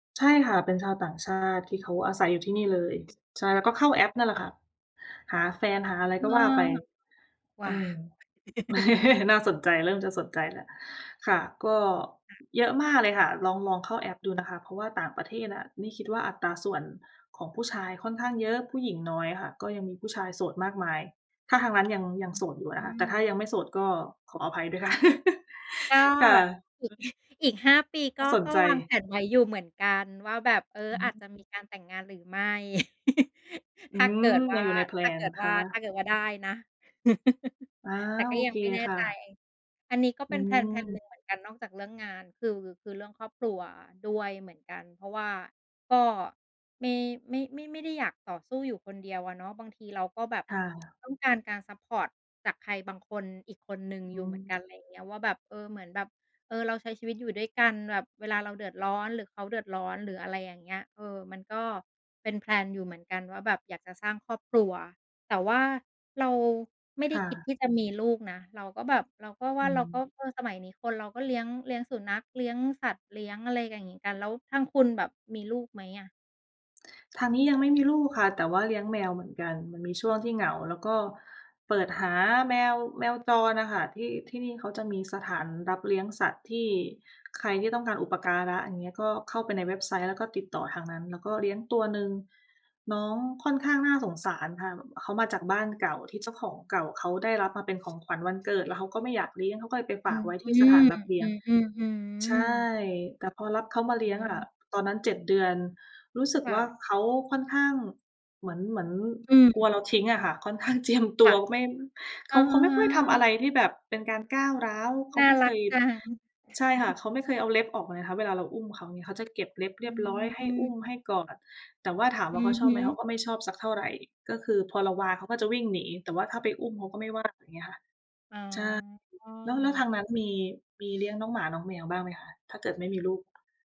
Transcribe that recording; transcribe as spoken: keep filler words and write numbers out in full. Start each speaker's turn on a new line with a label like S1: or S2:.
S1: ใช่ค่ะ เป็นชาวต่างชาติที่เขาอาศัยอยู่ที่นี่เลย ใช่ แล้วก็เข้าแอปนั่นแหละค่ะหาแฟนหาอะไร
S2: เอ
S1: ก็
S2: อ
S1: ว่าไป
S2: หว
S1: เ
S2: ่
S1: อ
S2: า
S1: อ น่าสนใจ เริ่มจะสนใจแล้ว ค่ะ ก็
S2: ค่ะ
S1: เยอะมากเลยค่ะ ลอง ลองเข้าแอปดู นะคะ เพราะว่าต่างประเทศอะ นี่คิดว่าอัตราส่วนของผู้ชายค่อนข้างเยอะ ผู้หญิงน้อยอะค่ะ ก็ยังมีผู้ชายโสดมากมาย ถ้าทางนั้น ยัง ยังโสดอยู่อะ
S2: อื
S1: นะคะ แต่ถ้า
S2: ม
S1: ยังไม่โสดก็ขออภัยด้วยค่ะ
S2: ก็
S1: ค่
S2: อ
S1: ะ
S2: ีก
S1: เออ
S2: อีก ห้า ปี
S1: ก
S2: ก
S1: ็
S2: ็
S1: สน
S2: ก็
S1: ใจ
S2: วางแผนไว้อยู่เหมือนกัน ว่าแบบ เออ
S1: อ
S2: อ
S1: ๋
S2: าจ
S1: อ
S2: จะมีการแต่งงานหรือไม่
S1: อ
S2: ถ
S1: ื
S2: ้าเก
S1: ม
S2: ิดว
S1: ย
S2: ่
S1: ั
S2: า
S1: งอยู่ใน แพล
S2: ถ้าเ
S1: น
S2: กิ
S1: น
S2: ด
S1: ะค
S2: ว่า
S1: ะ
S2: ถ้าเกิดว่าได้นะ
S1: อา
S2: แต่ก็
S1: โอ
S2: ยั
S1: เค
S2: งไม่แน่
S1: ค่
S2: ใจ
S1: ะ
S2: อันนี้ก็
S1: อ
S2: เ
S1: ื
S2: ป็น แพลนแพลน หนึ่งเหม
S1: ม
S2: ือนกันนอกจากเรื่องงาน คือ คือเรื่องครอบครัวด้วยเหมือนกัน เพราะว่า ก็ไม่ ไม่ ไม่ ไม่ได้อยากต่อสู้อยู่คนเดียวอะเนาะ บางทีเราก็แบบ
S1: ค่ะ
S2: ต้องการการซัปพอร์ตจากใครบางคน อีกคนหนึ่ง
S1: อ
S2: อ
S1: ๋
S2: ยู่เหมือน
S1: อ
S2: กัน อะไรอย่างเงี้ย ว่าแบบ เออ เหมือนแบบ เออ เราใช้ชีวิตอยู่ด้วยกัน แบบเวลาเราเดือดร้อน หรือเขาเดือดร้อน หรืออะไรอย่างเงี้ย เออ มันก็เป็น แพลน อยู่เหมือนกัน ว่าแบบอยากจะสร้างครอบครัว แต่ว่าเราไม่ไ
S1: ค
S2: ด้
S1: ่
S2: คิด
S1: ะ
S2: ที่จะมีลูกนะ เราก็แบบ เราก็ว
S1: อ
S2: ่
S1: ื
S2: าเราก็
S1: ม
S2: เออ สมัยนี้คนเราก็เลี้ยง เลี้ยงสุนัขเลี้ยงสัตว์ เลี้ยงอะไรอย่างงี้กัน แล้วทางคุณแบบมีลูกไหมอะ?
S1: ทาง นี้ยังไม่มีลูกค่ะ แต่ว่าเลี้ยง แมวเหมือนกัน มันมีช่วงที่เหงา แล้วก็เปิดหาแมว แมวจรน่ะค่ะ ที่ ที่นี่เขาจะมีสถานรับเลี้ยงสัตว์ที่ใครที่ต้องการอุปการะ อย่างนี้ ก็เข้าไปในเว็บไซต์ แล้วก็ติดต่อทางนั้น แล้วก็เลี้ยงตัวหนึ่ง น้องค่อนข้างน่าสงสารค่ะ บ เขามาจากบ้านเก่าที่ เจ้าของเก่าเขาได้รับมาเป็น ของขวัญวันเกิด แล้วเขาก็ไม่อยากเลี้ยง เขาก็เลยไป
S2: อ
S1: ฝ
S2: ื
S1: าก
S2: ม
S1: ไว้ท
S2: อื
S1: ี่สถานรับเลี้ยง
S2: ม อื
S1: ใช
S2: ม
S1: ่
S2: ๆ ๆ
S1: แต่พอรับเขา
S2: ฮ
S1: มาเล
S2: อ
S1: ี
S2: ื
S1: ้ยงอ
S2: ม
S1: ะ ตอนนั้น เจ็ด เดือน รู้สึ
S2: ค
S1: ก
S2: ่
S1: ว่า
S2: ะ
S1: เขาค่อนข้าง เหมือน เหมือน
S2: อื
S1: กลัวเรา
S2: ม
S1: ทิ้งอะค่ะ ค่อนข้าง เจียม ต
S2: ค
S1: ั
S2: ่ะ
S1: ว ไม่ เข
S2: อ
S1: า เขาไม่ค่อยทำอะไร
S2: า
S1: ที่แบบเป็นการก้าวร้าว เข
S2: น
S1: า
S2: ่า
S1: ไม่
S2: ร
S1: เค
S2: ัก
S1: ย
S2: จัง
S1: ใช่ค่ะ เขาไม่เคยเอาเล็บออกนะคะ เวลาเราอุ้มเขา เงี้ย เขาจะเก็บเล็บเร
S2: อ
S1: ียบร้อย ให
S2: ื
S1: ้อุ้ม ให
S2: ม
S1: ้กอด แต่ว่าถาม
S2: อ
S1: ว่า
S2: ื
S1: เขา
S2: อ
S1: ช
S2: ฮ
S1: อบไหม เข
S2: ึ
S1: าก็ไม่ชอบสักเท่าไร ก็คือพอเราวางเขาก็จะวิ่งหนี แต่ว่าถ้าไปอุ้มเขาก็ไม่ว่า อย่างนี้ค่ะ
S2: อ
S1: ใช่
S2: ๋
S1: แล้ว แล้วท
S2: อ
S1: างนั้นมี มีเลี้ยงน้องหมาน้องแมวบ้างไหมคะ? ถ้าเกิดไม่มีลูก